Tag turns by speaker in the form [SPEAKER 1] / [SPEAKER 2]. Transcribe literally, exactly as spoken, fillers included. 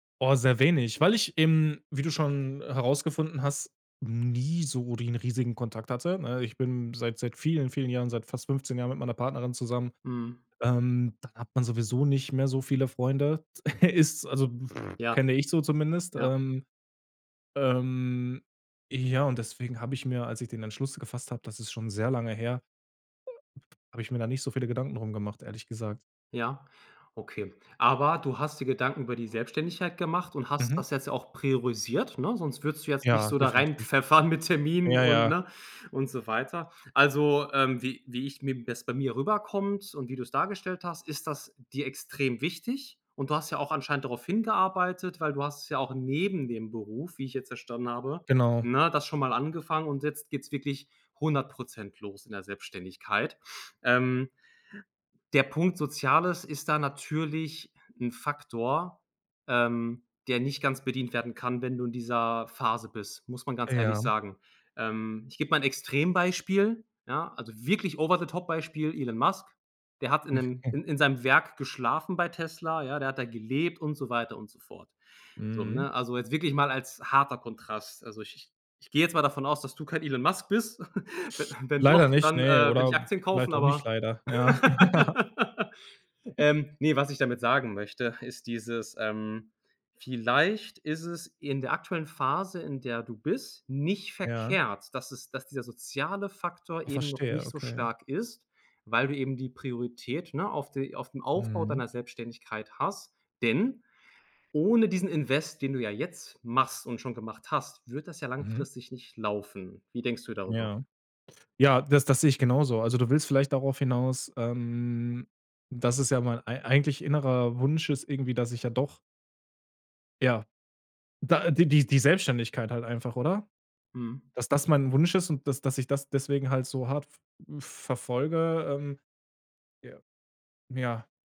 [SPEAKER 1] Oh, sehr wenig, weil ich eben- wie du schon herausgefunden hast- nie so den riesigen Kontakt hatte, ne? Ich bin seit seit vielen, vielen Jahren seit fast fünfzehn Jahren mit meiner Partnerin zusammen.
[SPEAKER 2] Mhm.
[SPEAKER 1] Ähm, da hat man sowieso nicht mehr so viele Freunde. S ist, also
[SPEAKER 2] Ja,
[SPEAKER 1] kenne ich so zumindest,
[SPEAKER 2] ja.
[SPEAKER 1] ähm, ähm, ja, und deswegen habe ich mir, als ich den Entschluss gefasst hab das ist schon sehr lange her, habe ich mir da nicht so viele Gedanken drum gemacht, ehrlich gesagt.
[SPEAKER 2] Ja, okay. Aber, du hast dir Gedanken über die Selbstständigkeit gemacht und hast
[SPEAKER 1] Mhm.
[SPEAKER 2] das jetzt ja auch priorisiert, ne, sonst würdest du jetzt nicht
[SPEAKER 1] Ja,
[SPEAKER 2] so da
[SPEAKER 1] definitiv.
[SPEAKER 2] reinpfeffern mit Terminen
[SPEAKER 1] Ja,
[SPEAKER 2] und,
[SPEAKER 1] ja.
[SPEAKER 2] ne, und so weiter. Also, ähm, wie wie ich mir das bei mir rüberkommt und wie du's dargestellt hast, ist das dir extrem wichtig. Und du hast ja auch anscheinend darauf hingearbeitet, weil du hast es ja auch neben dem Beruf- wie ich jetzt verstanden habe-
[SPEAKER 1] Genau.
[SPEAKER 2] ne, das schon mal angefangen und jetzt geht's wirklich hundert Prozent los, in der Selbstständigkeit. Ähm, der Punkt Soziales ist da natürlich 'n Faktor, ähm, der nicht ganz bedient werden kann, wenn du in dieser Phase bist, muss man ganz ehrlich
[SPEAKER 1] Ja.
[SPEAKER 2] sagen. Ähm, ich geb mal 'n Extrembeispiel, ja, also wirklich over the top Beispiel Elon Musk. Der hat in 'nem in in seinem Werk geschlafen bei Tesla, ja? Der hat da gelebt und so weiter und so fort. So,
[SPEAKER 1] Mhm.
[SPEAKER 2] ne? Also, jetzt wirklich mal als harter Kontrast. Also, ich ich ich geh jetzt mal davon aus, dass du kein Elon Musk bist. We wenn doch,
[SPEAKER 1] Leider nicht,
[SPEAKER 2] dann,
[SPEAKER 1] ne,
[SPEAKER 2] äh, will
[SPEAKER 1] oder,
[SPEAKER 2] ich Aktien
[SPEAKER 1] vielleicht
[SPEAKER 2] kaufen,
[SPEAKER 1] auch nicht
[SPEAKER 2] aber,
[SPEAKER 1] leider, ja, ja.
[SPEAKER 2] ähm, ne, was ich damit sagen möchte, ist dieses, ähm vielleicht ist es in der aktuellen Phase, in der du bist, nicht
[SPEAKER 1] Ja.
[SPEAKER 2] verkehrt, dass es dass dieser soziale Faktor eben noch
[SPEAKER 1] Verstehe,
[SPEAKER 2] nicht so
[SPEAKER 1] okay.
[SPEAKER 2] stark ist, weil du eben die Priorität, ne, auf die auf dem Aufbau
[SPEAKER 1] Mhm.
[SPEAKER 2] deiner Selbstständigkeit hast. Denn, ohne diesen Invest, den du ja jetzt machst und schon gemacht hast, wird das ja
[SPEAKER 1] Mhm.
[SPEAKER 2] langfristig nicht laufen. Wie denkst du darüber?
[SPEAKER 1] Ja. Ja, das das sehe ich genauso. Also, du willst vielleicht darauf hinaus, ähm, dass es ja mein ei eigentlich innerer Wunsch ist irgendwie, dass ich ja doch ja. Da, äh, die die Selbstständigkeit halt einfach, oder?
[SPEAKER 2] Mhm.
[SPEAKER 1] Dass das mein Wunsch ist und dass dass ich das deswegen halt so hart v äh, verfolge, ähm, ja. Ja.